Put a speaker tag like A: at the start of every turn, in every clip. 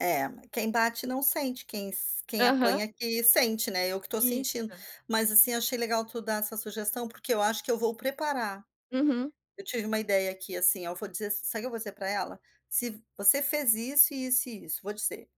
A: É, quem bate não sente. Quem sen quem
B: Aham.
A: apanha que sente, né? Eu que estou sentindo.
B: Isso.
A: Mas, assim, eu achei legal tu dar essa sugestão. Porque eu acho que eu vou preparar.
B: Uhum.
A: Eu tive uma ideia aqui, assim, oh, vou dizer ass sabe o que eu vou dizer pra ela? “Se você fez isso, e isso, e isso”, vou dizer: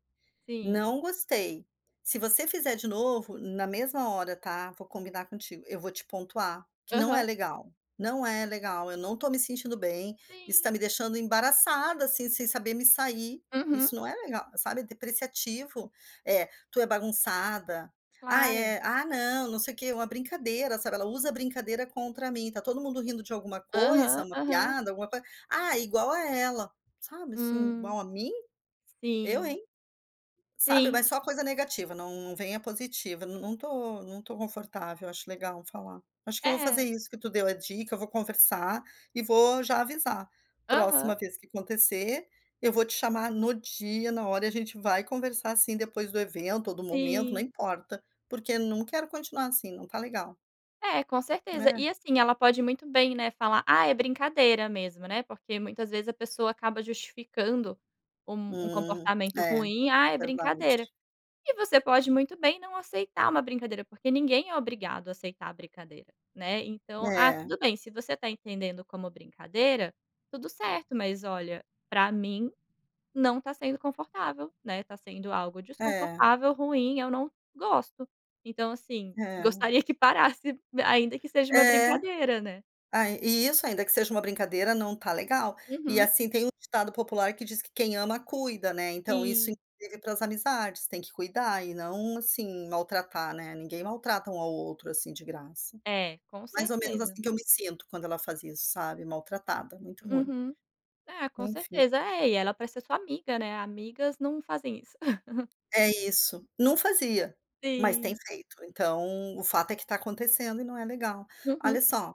B: Sim.
A: Não gostei". Se você fizer de novo", na mesma hora, tá? Vou combinar contigo. "Eu vou te pontuar que não é
B: Aham.
A: legal. Não é legal. Eu não estou me sentindo bem. Isso está
B: Sim.
A: me deixando embaraçada, assim, sem saber me sair".
B: Uhum.
A: Isso não é legal, sabe? É depreciativo. “É, tu é bagunçada”. “Ai,
B: Claro.
A: é”. “Ah, não, não sei o quê”. Uma brincadeira, sabe? Ela usa brincadeira contra mim. Está todo mundo rindo de alguma coisa,
B: Aham.
A: uma
B: Aham.
A: piada, alguma-co “Ah, igual a ela”, sabe, assim
B: Hum.
A: “Igual a mim? Eu
B: Sim.
A: hein!”. Sabe? Mas
B: Sim.
A: só coisa negativa. Não não vem a positiva. Não não estou não estou confortável. Acho legal eu falar. Acho que eu vou fazer
B: É.
A: isso que tu deu a dica. Eu vou conversar e vou já avisar: “Próxima
B: Aham.
A: vez que acontecer, eu vou te chamar no dia, na hora, e a gente vai conversar, sim, depois do evento ou do momento. Não
B: Sim.
A: importa. Porque não quero continuar assim. Não está legal”.
B: Eh, com certeza.
A: É.
B: E, assim, ela pode muito bem, né, falar: “Ah, é brincadeira mesmo”, né, porque, muitas vezes, a pessoa acaba justificando um um
A: Hum,
B: comportamento
A: é. É
B: ruim: “Ah, é brincadeira”.
A: verdade.
B: E você pode muito bem não aceitar uma brincadeira. Porque ninguém é obrigado a aceitar a brincadeira, né? Então: “Ah,
A: É.
B: tudo bem. Se você está entendendo como brincadeira, tudo certo. Mas, olha, pra mim não está sendo confortável, né? Está sendo algo
A: É.
B: desconfortável, ruim. Eu não gosto. Então, assim,
A: É.
B: gostaria que parasse, ainda que seja uma
A: É.
B: brincadeira, né?”.
A: Aí isso, ainda que seja uma brincadeira, não está legal. E,
B: Uhum.
A: assim, tem um ditado popular que diz que quem ama cuida, né? Então isso,
B: Sim.
A: pras amizades. Tem que cuidar e não, assim, maltratar, né? Ninguém maltrata um ao outro assim, de graça.
B: É, com
A: Mais ou menos
B: certeza.
A: assim que eu me sinto quando ela faz isso, sabe? Maltratada. Muito ruim.
B: Uhum. É, com
A: Enfim.
B: certeza. É, e ela é para ser sua amiga, né. Amigas não fazem isso.
A: É isso. Não fazia, mas tem
B: Sim.
A: feito. Então o fato é que está acontecendo e não é legal. Olha
B: Uhum.
A: só,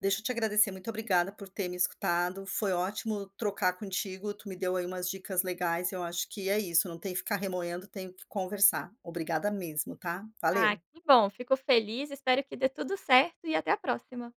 A: deixa eu te agradecer. Muito obrigada por ter me escutado. Foi ótimo trocar contigo. Tu me deu aí umas dicas legais. Eu acho que é isso. Não tem que ficar remoendo. Tenho que conversar. Obrigada mesmo, tá?
B: Ah,
A: Valeu.
B: que bom. Fico feliz. Espero que dê tudo certo e até a próxima.